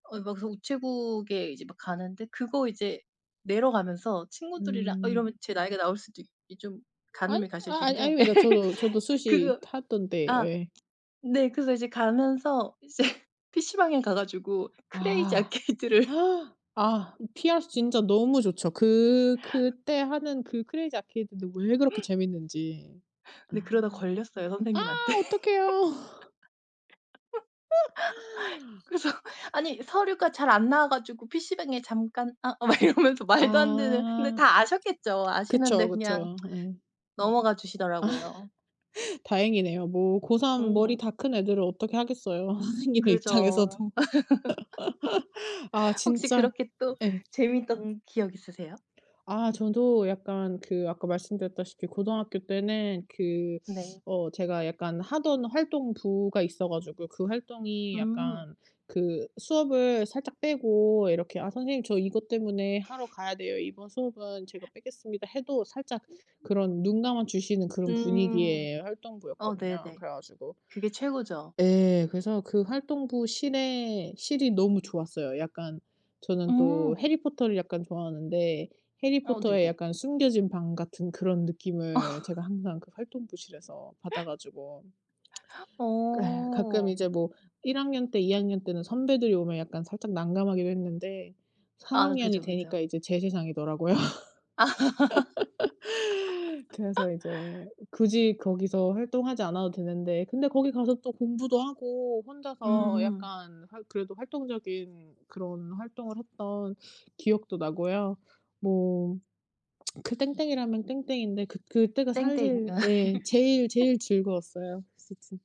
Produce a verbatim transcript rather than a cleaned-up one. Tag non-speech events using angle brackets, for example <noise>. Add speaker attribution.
Speaker 1: 아 막 그래서 우체국에 이제 막 가는데 그거 이제 내러 가면서 친구들이랑 아
Speaker 2: 음.
Speaker 1: 이러면 제 나이가 나올 수도 이 좀
Speaker 2: 아니
Speaker 1: 가늠이
Speaker 2: 아
Speaker 1: 가실
Speaker 2: 아
Speaker 1: 텐데.
Speaker 2: 아닙니다. 저도, 저도
Speaker 1: <laughs>
Speaker 2: 수시
Speaker 1: 그거
Speaker 2: 탔던 때
Speaker 1: 아
Speaker 2: 예.
Speaker 1: 네. 그래서 이제 가면서 이제 피시방에 가 가지고 크레이지
Speaker 2: 아.
Speaker 1: 아케이드를 <laughs>
Speaker 2: <gasps> 아 음 피아스 진짜 너무 좋죠. 그 그때 하는 그 크레이지 아케이드는 왜 그렇게 재밌는지.
Speaker 1: 근데 그러다 걸렸어요
Speaker 2: 아. 아
Speaker 1: 선생님한테.
Speaker 2: 어떡해요. 어!
Speaker 1: <laughs> 그래서 "아니 서류가 잘 안 나와 가지고 피시방에 잠깐. 아." 막 이러면서 말도 안 되는 근데
Speaker 2: 아.
Speaker 1: 다 아셨겠죠.
Speaker 2: 그쵸,
Speaker 1: 아시는데 그냥
Speaker 2: 그쵸. 예.
Speaker 1: 넘어가
Speaker 2: 아.
Speaker 1: 주시더라고요.
Speaker 2: 다행이네요. 뭐 고삼 머리
Speaker 1: 음.
Speaker 2: 다 큰 애들을 어떻게 하겠어요 선생님의
Speaker 1: 그죠.
Speaker 2: 입장에서도. <laughs> 아
Speaker 1: <laughs> 혹시
Speaker 2: 진짜
Speaker 1: 그렇게 또
Speaker 2: 예.
Speaker 1: 재밌던 기억 있으세요?
Speaker 2: 아 저도 약간 그 아까 말씀드렸다시피 고등학교 때는 그
Speaker 1: 네.
Speaker 2: 어 제가 약간 하던 활동부가 있어 가지고 그 활동이
Speaker 1: 음.
Speaker 2: 약간 그 수업을 살짝 빼고 이렇게 "아 선생님 저 이것 때문에 하러
Speaker 1: <sniffs>
Speaker 2: 가야 돼요. 이번 수업은 제가
Speaker 1: <gasps>
Speaker 2: 빼겠습니다." 해도 살짝
Speaker 1: 네 네.
Speaker 2: 그런 눈감아 주시는 그런
Speaker 1: 음.
Speaker 2: 분위기의
Speaker 1: 어
Speaker 2: 활동부였거든요.
Speaker 1: 네네.
Speaker 2: 그래 가지고
Speaker 1: 그게 최고죠.
Speaker 2: 예. 그래서 그 활동부 실의 실이 너무 좋았어요. 약간 저는 또
Speaker 1: 음.
Speaker 2: 해리 포터를 약간 좋아하는데 해리
Speaker 1: 어
Speaker 2: 포터의
Speaker 1: 네네.
Speaker 2: 약간 숨겨진 방 같은 그런
Speaker 1: 어.
Speaker 2: 느낌을 제가 항상 그 활동부실에서 받아 가지고. 그 예 가끔
Speaker 1: 어.
Speaker 2: 이제 뭐 일 학년 때 이 학년 때는 선배들이 오면 약간 살짝 난감하기도 했는데 삼
Speaker 1: 아
Speaker 2: 학년이
Speaker 1: 그죠,
Speaker 2: 되니까
Speaker 1: 그죠.
Speaker 2: 이제 제 세상이더라고요.
Speaker 1: 아.
Speaker 2: <laughs> 그래서
Speaker 1: <laughs>
Speaker 2: 이제 음 굳이 거기서 활동하지 않아도 되는데 근데 거기 가서 또 공부도 하고 혼자서
Speaker 1: 음.
Speaker 2: 약간 활 그래도 활동적인 그런 활동을 했던 기억도 나고요. 뭐 <smacks lips> 그 땡땡이라면 땡땡인데 그 그때가
Speaker 1: 땡땡
Speaker 2: 사실
Speaker 1: 아 예.
Speaker 2: 예 제일, 제일 즐거웠어요. 스 진